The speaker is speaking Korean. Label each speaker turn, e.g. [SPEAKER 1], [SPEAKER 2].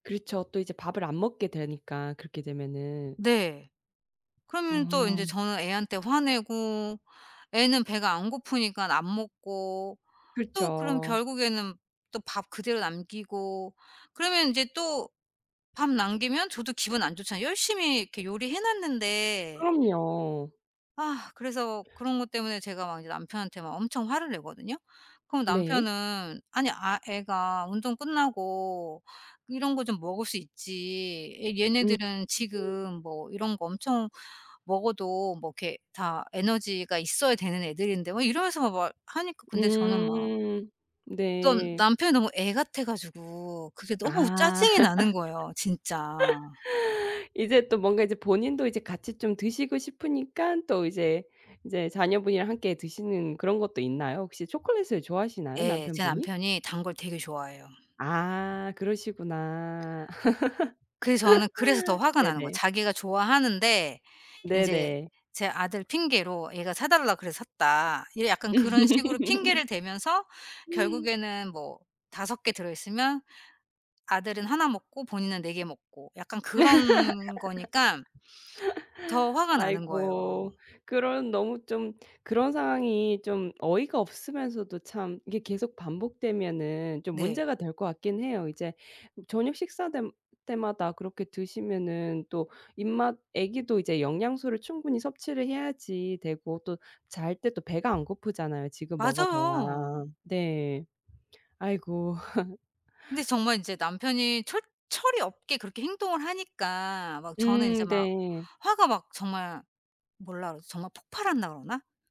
[SPEAKER 1] 그렇죠. 또 이제 밥을 안 먹게 되니까 그렇게 되면은.
[SPEAKER 2] 네. 그러면 또 인제
[SPEAKER 1] 음.
[SPEAKER 2] 저는 애한테 화내고 애는 배가 안 고프니까 안 먹고 또 그럼
[SPEAKER 1] 그렇죠.
[SPEAKER 2] 결국에는 또 밥 그대로 남기고 그러면 인제 또 밥 남기면 저도 기분 안 좋잖아요, 열심히 이렇게 요리해 놨는데.
[SPEAKER 1] 그럼요.
[SPEAKER 2] 아 그래서 그런 거 때문에 제가 막 이제 남편한테 막 엄청 화를 내거든요. 그럼
[SPEAKER 1] 네.
[SPEAKER 2] 남편은 "아니 아 애가 운동 끝나고 이런 거 좀 먹을 수 있지. 애
[SPEAKER 1] 음.
[SPEAKER 2] 얘네들은 지금 뭐 이런 거 엄청 먹어도 뭐 이렇게 다 에너지가 있어야 되는 애들인데." 막 이러면서 막 하니까 근데 저는 막
[SPEAKER 1] 음.
[SPEAKER 2] 좀
[SPEAKER 1] 네.
[SPEAKER 2] 남편이 너무 애 같아 가지고 그게 너무
[SPEAKER 1] 아.
[SPEAKER 2] 짜증이 나는 거예요 진짜.
[SPEAKER 1] 이제 또 뭔가 이제 본인도 이제 같이 좀 드시고 싶으니까 또 이제 이제 자녀분이랑 함께 드시는 그런 것도 있나요? 혹시 초콜릿을 좋아하시나요,
[SPEAKER 2] 예. 제
[SPEAKER 1] 남편분이?
[SPEAKER 2] 남편이 단 걸 되게 좋아해요.
[SPEAKER 1] 아 그러시구나.
[SPEAKER 2] 그래서 저는 그래서 더 화가 나는 거예요.
[SPEAKER 1] 네네.
[SPEAKER 2] 자기가 좋아하는데 이제
[SPEAKER 1] 네네.
[SPEAKER 2] 제 아들 핑계로 "애가 사달라 그래서 샀다." 이게 약간 그런 식으로 핑계를 대면서 결국에는 뭐 5 개 들어 있으면 아들은 하나 먹고 본인은 4 개 먹고 약간 그런 거니까 더 화가 나는 거예요.
[SPEAKER 1] 아이고. 그런 너무 좀 그런 상황이 좀 어이가 없으면서도 참 이게 계속 반복되면은 좀
[SPEAKER 2] 네.
[SPEAKER 1] 문제가 될 것 같긴 해요. 이제 저녁 식사 댐 때마다 그렇게 드시면은 또 입맛 애기도 이제 영양소를 충분히 섭취를 해야지 되고 또 잘 때 또 배가 안 고프잖아요 지금 먹어둬야.
[SPEAKER 2] 맞아요.
[SPEAKER 1] 네. 아이고.
[SPEAKER 2] 근데 정말 인제 남편이 철 철이 없게 그렇게 행동을 하니까 막 저는 인제
[SPEAKER 1] 음
[SPEAKER 2] 막
[SPEAKER 1] 네.
[SPEAKER 2] 화가 막 정말 뭐라 그러지 정말 폭발한다 그러나?